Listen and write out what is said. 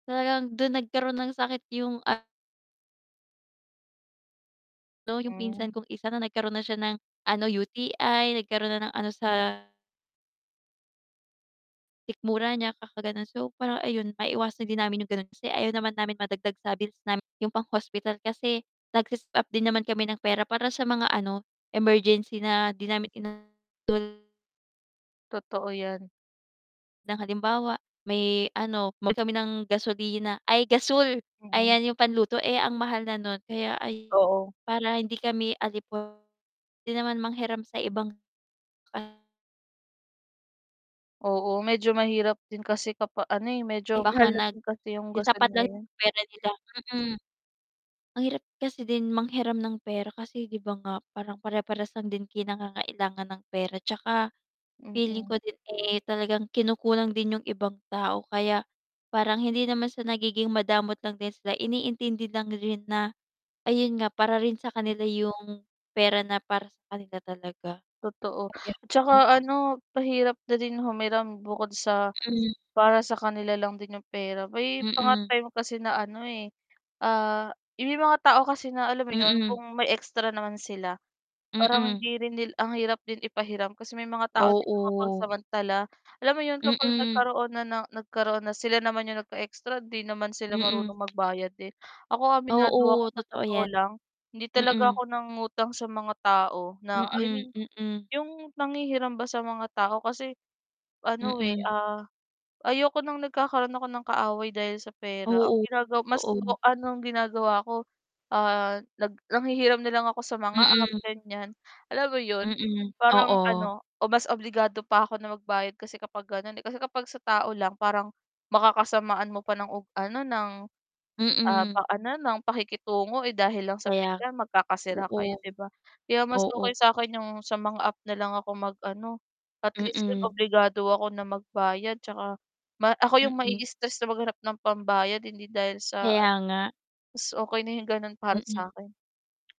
Talagang dun nagkaroon ng sakit yung a no, yung Hmm. pinsan kong isa na nagkaroon na siya ng ano UTI, nagkaroon na ng ano sa Mm. sikmura niya kakagano'n, so parang ayun, maiwasan din namin yung ganun. Kasi ayaw naman namin madagdag sa bills namin yung pang-hospital kasi nagse-save up din naman kami ng pera para sa mga ano emergency na di namin ina [unintelligible] Totoo yan. Ng halimbawa may ano, bumili kami ng gasolina ay gasul Mm. ayan yung panluto. Eh, ang mahal na nun kaya ayun Oo. para hindi kami alipo [unintelligible] di naman manghiram sa ibang [unintelligible] Oo, medyo mahirap din kasi kapa ano, eh, medyo Baka mahal na nag din kasi yung yung gasul sapat lang ngayon. yung pera nila, mm. Ang hirap kasi din manghiram ng pera kasi 'di ba nga parang pare-parehas lang din kayong nangangailangan ng pera tsaka feeling ko Mm. din, eh, talagang kinukulang din yung ibang tao kaya parang hindi naman sa nagiging madamot lang din sila, iniintindi lang din na ayun nga, para rin sa kanila yung pera na para sa kanila talaga. Totoo. Ayun, At tsaka mm. ano pahirap na din humiram bukod sa Mm. para sa kanila lang din yung pera. May mga Mm. time kasi na ano, eh, may mga tao kasi na alam mo yun Mm. kung may extra naman sila, parang Mm. hindi rin nil ang hirap din ipahiram kasi may mga tao din na Oo. mapagsamantala alam mo 'yon, kapag Mm. nagkaroon na ng nagkaroon na sila naman yung nag-extra hindi naman sila Mm. marunong magbayad din. Ako aminado ako Oo, sa totoo totoo yan. lang, hindi talaga Mm. ako nangutang sa mga tao na, I Mm, mean mm. yung nanghihiram ba sa mga tao. Kasi, ano, eh, Mm. ah, ayoko ng nagkakaroon ako ng kaaway dahil sa pera. Ang Oo, ginagawa mas o totoo. anong ginagawa ko, ah, nag nanghihiram na lang ako sa mga app, Mm. ganyan. Alam mo yun, Mm, parang oo. ano o mas obligado pa ako na magbayad kasi kapag ganon, eh. Kasi kapag sa tao lang parang makakasamaan mo pa ng ano ng, ah, pa Mm. ano yun, ng pakikitungo, eh, dahil lang sa Kaya, pera magkakasira oo. kayo 'di ba? Kaya mas okay Oo. sa'kin yung sa mga app nalang ako mag-ano, at least don Mm. obligado ako na magbayad tsaka ma ako yung Mm. ma-i-stress na maghanap ng pambayad hindi dahil sa Kaya ano, nga. mas okay na yung ganun para Mm. sa'kin.